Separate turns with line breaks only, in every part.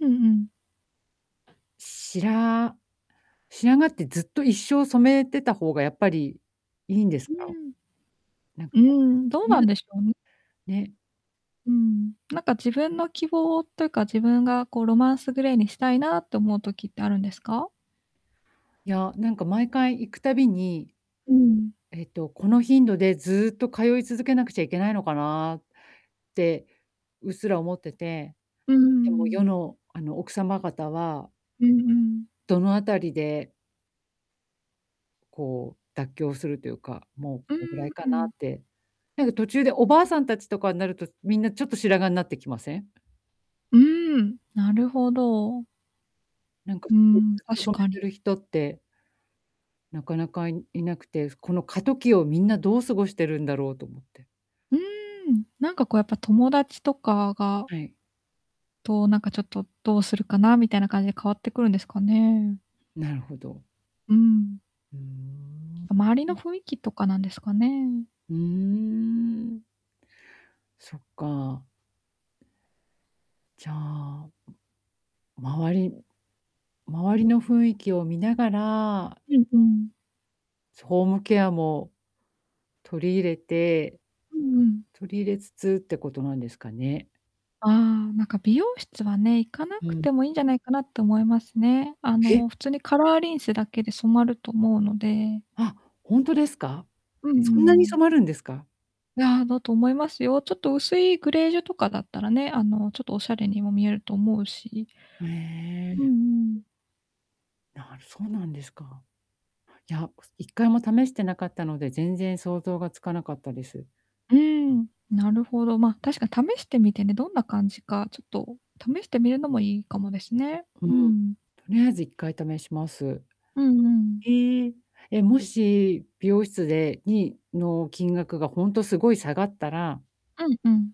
うんうん。
しら、白髪って、ずっと、一生染めてた方がやっぱりいいんです
う
か？
ーん。
なんか、
うーん、どうなん
ぬ
でしょうね。
ね。
うん、なんか自分の希望というか、自分がこう、ロマンス・グレーにしたいなって思う時ってあるんですか？
いや、なんか、毎回行くたびに、
うん。
えっと、この頻度でずっと通い続けなくちゃいけないのかなって、うっすら思ってて。
うー
でも、
ん。
世の、あの、奥様方は
うんうん。
どの辺りでこう、妥協するとゆうか、もうこ
うー
のぐら
ん、
いか
う
なっ
ん。
てなんか途中で、お婆さん達とかになると、みんなちょっと白髪になってきません？
うーん、なるほど。
なんか、
う
ず
ーん、
っと
確
染
か
めて
に。
る人ってなかなか、いいなくて、ふこの過渡期をみんなどう過ごしてるんだろうと思って。
うーん、なんかこう、やっぱ友達とかが
はい。
と、なんかちょっと、どうするかなみたいな感じで変わってくるんですかね。
なるほど。
うん。
うーん。ん。
周りの雰囲気とかなんですかね。
うーん。そっか。じゃあ周り、周りの雰囲気を見ながら
うんうん。
ホームケアも取り入れて
うんうん。
取り入れつつってことなんですかね。
ああ、なんか美容室はね、行かな
う
くて
ん。
もいいんじゃないかなと思いますね。あ
へ！
の、普通に、カラーリンスだけで染まると思うので。
あ、ほんとですか？
うん、うー
そんなに
ん。
染まるんですか？
いや、だと思いますよ。ちょっと薄いグレージュとかだったらね、あの、ちょっとお洒落にも見えると思うし。
ふ、え
うん
え。
うん。
なるそうなんですか。いや、1回も試してなかったので、全然想像がつかなかったです。
うーん、なるほど、ま、確かに、試してみてね、どんな感じか、ちょっと試してみるのもいいかもですね。
うん。
う
と
ん。
りあえず1回試します。
うんうん。
へえ。え、もし、美容室でにの、金額が、ほんと、凄い下がったら
うんうん。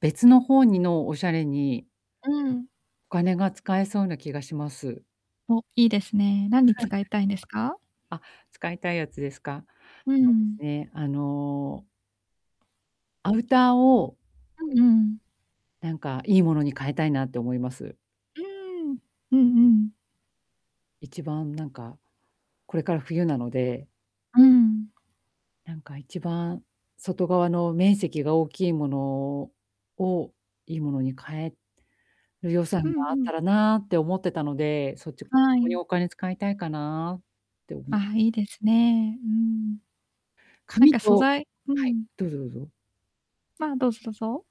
別の方にの、おしゃれに
うん。
お金が使えそうな気がします。
お、いいですね。なんに 使いたいんですか？
あ、使いたいやつですか？
うんう
そうです
ん。
ね、あのアウターを
うんうん。
なんか、いいものに変えたいなって思います。
うーん、うんうん。
一番なんか、これから冬なので
うん。
なんか、一番外側の面積が大きいものをを、いいものに変えよ予
う
算
ん
があっ
うん。
たらなって思ってたので、そっち [unintelligible] こ
は
こ
い。
に、お金使いたいかなって、思いま
ああ、
す。
いいですね、うーん。なん
髪
か素
と
材う
はい、
ん。
どうぞどうぞ。
ああ、どうぞどうぞ。